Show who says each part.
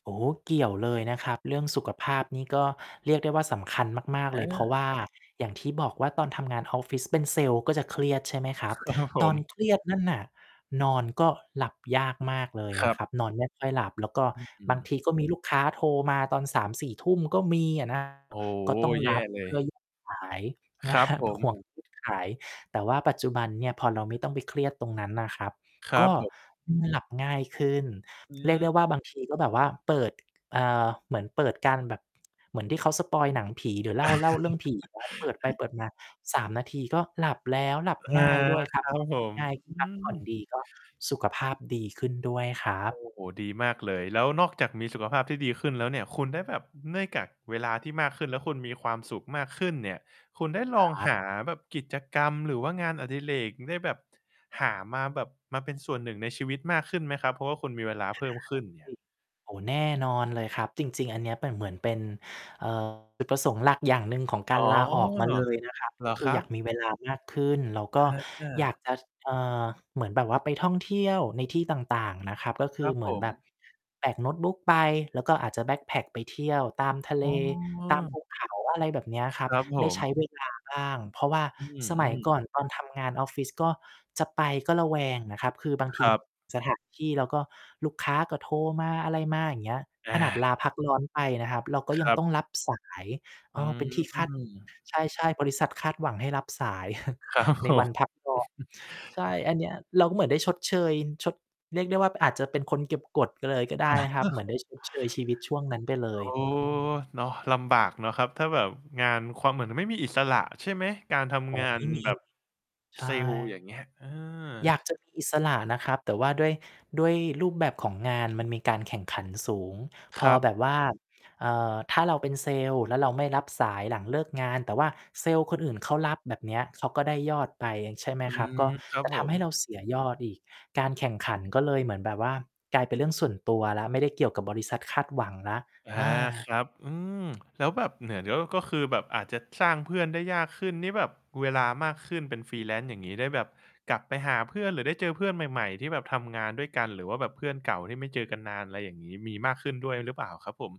Speaker 1: โอ้โฮ เกี่ยวเลยนะครับ เรื่องสุขภาพนี่ก็เรียกได้ว่าสำคัญมาก
Speaker 2: เ
Speaker 1: ๆ เลย เพราะ
Speaker 2: ออ
Speaker 1: ว่าอย่างที่บอกว่าตอนทำงานออฟฟิศเป็นเซลส์ก็จะเครียด ใช่ไหมคร
Speaker 2: ค
Speaker 1: ับ
Speaker 2: ครับผ
Speaker 1: ตอน
Speaker 2: ม
Speaker 1: เครียด นั่นน่ะ นอนก็หลับยากมากเลย
Speaker 2: ค
Speaker 1: น
Speaker 2: ร
Speaker 1: ะ
Speaker 2: ับ
Speaker 1: ครับ นอนไม่ ค่อย หลับ แล้วก็
Speaker 2: อ อื
Speaker 1: บาง
Speaker 2: ม
Speaker 1: ทีก็มีลูกค้าโทรมาตอน 3-4 ทุ่มก็มีอะ นะ
Speaker 2: โอ้
Speaker 1: ก็
Speaker 2: โฮ
Speaker 1: ต้อง
Speaker 2: แย
Speaker 1: ร
Speaker 2: ่
Speaker 1: ับ
Speaker 2: เล
Speaker 1: เพื
Speaker 2: ย
Speaker 1: ่อ [unintelligible] สาย
Speaker 2: ค
Speaker 1: น
Speaker 2: ร
Speaker 1: ะ
Speaker 2: ั
Speaker 1: ค
Speaker 2: บ
Speaker 1: รับ
Speaker 2: ผ
Speaker 1: ห่
Speaker 2: ม
Speaker 1: วง ทุกสาย แต่ว่าปัจจุบันเนี่ย พอเราไม่ต้องไปเครียดตรงนั้นน่ะครับ
Speaker 2: คร
Speaker 1: ก
Speaker 2: ับ
Speaker 1: ็
Speaker 2: ผม
Speaker 1: อือ หลับง่ายขึ้น
Speaker 2: อื
Speaker 1: เรียกได้
Speaker 2: ม
Speaker 1: ว่าบางทีก็แบบว่าเปิด เอ่อ เหมือนเปิดการแบบ เหมือนที่เขาสปอยล์หนังผีหรือเล่า เล่าเรื่อง ผีครับ เปิดไปเปิดมา 3 นาทีก็หลับแล้ว หลับ
Speaker 2: อา
Speaker 1: ง่ายด้วย ครั
Speaker 2: ค
Speaker 1: บ
Speaker 2: รั
Speaker 1: พ
Speaker 2: บ
Speaker 1: อหล
Speaker 2: ผ
Speaker 1: ับ
Speaker 2: ม
Speaker 1: ง่าย
Speaker 2: อื
Speaker 1: พักผ่อน
Speaker 2: ม
Speaker 1: ดีก็ สุขภาพดีขึ้นด้วยครั
Speaker 2: โอ้
Speaker 1: บ
Speaker 2: โฮ ดีมากเลย แล้วนอกจากมีสุขภาพที่ดีขึ้นแล้วเนี่ย คุณได้แบบ เนื่องจากเวลาที่มากขึ้นแล้วคุณมีความสุขมากขึ้นเนี่ย คุณได้
Speaker 1: ค
Speaker 2: ล
Speaker 1: ร
Speaker 2: อง
Speaker 1: ั
Speaker 2: ห
Speaker 1: บ
Speaker 2: าแบบกิจกรรมหรือว่างานอดิเรก ได้แบบหามาแบบมาเป็นส่วนหนึ่งในชีวิตมากขึ้นไหมครับ? เพราะว่าคุณมีเวลาเพิ่มขึ้นเนี่ย
Speaker 1: [unintelligible] โอ้โฮ แน่นอนเลยครับ จริง ๆ อันเนี้ยเป็น เหมือนเป็น เอ่อ จุดประสงค์หลักอย่างหนึ่งของก
Speaker 2: อ๋
Speaker 1: าร
Speaker 2: อ
Speaker 1: ลาออกม
Speaker 2: เ
Speaker 1: า
Speaker 2: หร
Speaker 1: เลยนะครับ ก็
Speaker 2: อ
Speaker 1: ค
Speaker 2: ค
Speaker 1: ือ
Speaker 2: รั
Speaker 1: อย
Speaker 2: บ?
Speaker 1: ากมีเวลามากขึ้น แล้วก็
Speaker 2: อ
Speaker 1: อยาก
Speaker 2: า
Speaker 1: จะ ช เอ่อ เหมือนแบบว่าไปท่องเที่ยวในที่ต่าง ๆ นะครับ ก็ค
Speaker 2: ค
Speaker 1: ื
Speaker 2: ร
Speaker 1: อ
Speaker 2: ับ
Speaker 1: เห
Speaker 2: ผ
Speaker 1: มือนแบบ
Speaker 2: ม
Speaker 1: แบกโน้ตบุ๊กไป แล้วก็อาจจะแบ็กแพ็กไปเที่ยวตามทะเล
Speaker 2: อ้อ
Speaker 1: ตามภูเขา อะไรแบบเนี้ย
Speaker 2: ค
Speaker 1: ครับ
Speaker 2: รับผ
Speaker 1: ได้ใช
Speaker 2: ม
Speaker 1: ้ เวลาบ้าง เพราะว่า
Speaker 2: อือ
Speaker 1: สม
Speaker 2: อื
Speaker 1: ัย
Speaker 2: ม
Speaker 1: ก่อน ตอนทำงาน ออฟฟิศ ก็จะไปก็ระแวงน่ะครับ คือบางท
Speaker 2: ค
Speaker 1: ี
Speaker 2: รับ
Speaker 1: สถานที่ แล้วก็ลูกค้าก็โทรมา อะไรมา อย่างเงี้ย
Speaker 2: อ
Speaker 1: ขนาด
Speaker 2: า
Speaker 1: ลาพักร้อนไปนะครับ เราก็
Speaker 2: ค
Speaker 1: ยั
Speaker 2: ร
Speaker 1: ง
Speaker 2: ับ
Speaker 1: ต้องรับสาย เ
Speaker 2: อ
Speaker 1: อ
Speaker 2: ื
Speaker 1: ่อ เป็นที่คาด
Speaker 2: ม
Speaker 1: ใช่ ๆ บริษัทคาดหวังให้รับสาย
Speaker 2: ครับ
Speaker 1: ใน
Speaker 2: ผ
Speaker 1: วั
Speaker 2: ม
Speaker 1: น พักร้อน ใช่ อันเนี้ยเราก็เหมือนได้ชดเชย ชด เรียกได้ว่า มันอาจจะเป็นคนเก็บกด ก็เลย ก็ได้นะครับ เหมือนได้ ชดเชย ชีวิตช่วงนั้นไปเล
Speaker 2: โอ
Speaker 1: ย
Speaker 2: ้
Speaker 1: อ อืม
Speaker 2: เนาะ ลำบากเนาะครับ ถ้าแบบงาน ความ เหมือนที่ไม่มีอิสระ ใช่ไหม? การท
Speaker 1: อ๋อ
Speaker 2: ำงา
Speaker 1: ไม
Speaker 2: น
Speaker 1: ่มี
Speaker 2: แบบ
Speaker 1: ใช
Speaker 2: เซ
Speaker 1: ่
Speaker 2: ลส์อย่างเงี้ย เออ
Speaker 1: อยากจะมี อิสระนะครับ แต่ว่าด้วย ด้วยรูปแบบของงานมันมีการแข่งขันสูง พ
Speaker 2: คร
Speaker 1: อ
Speaker 2: ับ
Speaker 1: แบบว่า เอ่อ ถ้าเราเป็นเซลส์แล้วเราไม่รับสายหลังเลิกงาน แต่ว่าเซลส์คนอื่นเขารับ แบบเนี้ย เขาก็ได้ยอดไป ใช่ไหม
Speaker 2: อื
Speaker 1: ครับ ก็
Speaker 2: อ ครับ
Speaker 1: จะ
Speaker 2: ผ
Speaker 1: ทำใ
Speaker 2: ม
Speaker 1: ห้เราเสียยอดอีก การแข่งขันก็เลยเหมือนแบบว่ากลายเป็นเรื่องส่วนตัวแล้ว ไม่ได้เกี่ยวกับบริษัทคาดหวังแล้ว
Speaker 2: อา
Speaker 1: อ
Speaker 2: ค
Speaker 1: า
Speaker 2: รับ อืม แล้วแบบเนี่ย เดี๋ยว ก็คือแบบอาจจะสร้างเพื่อนได้ยากขึ้น นี่แบบเวลามากขึ้นเป็น Freelance อย่างงี้ ได้แบบกลับไปหาเพื่อน หรือได้เจอเพื่อนใหม่ ๆ ที่แบบทำงานด้วยกัน หรือว่าแบบเพื่อนเก่าที่ไม่เจอกันนาน อะไรอย่างงี้ มีมากขึ้นด้วยหรือเปล่าครับผม?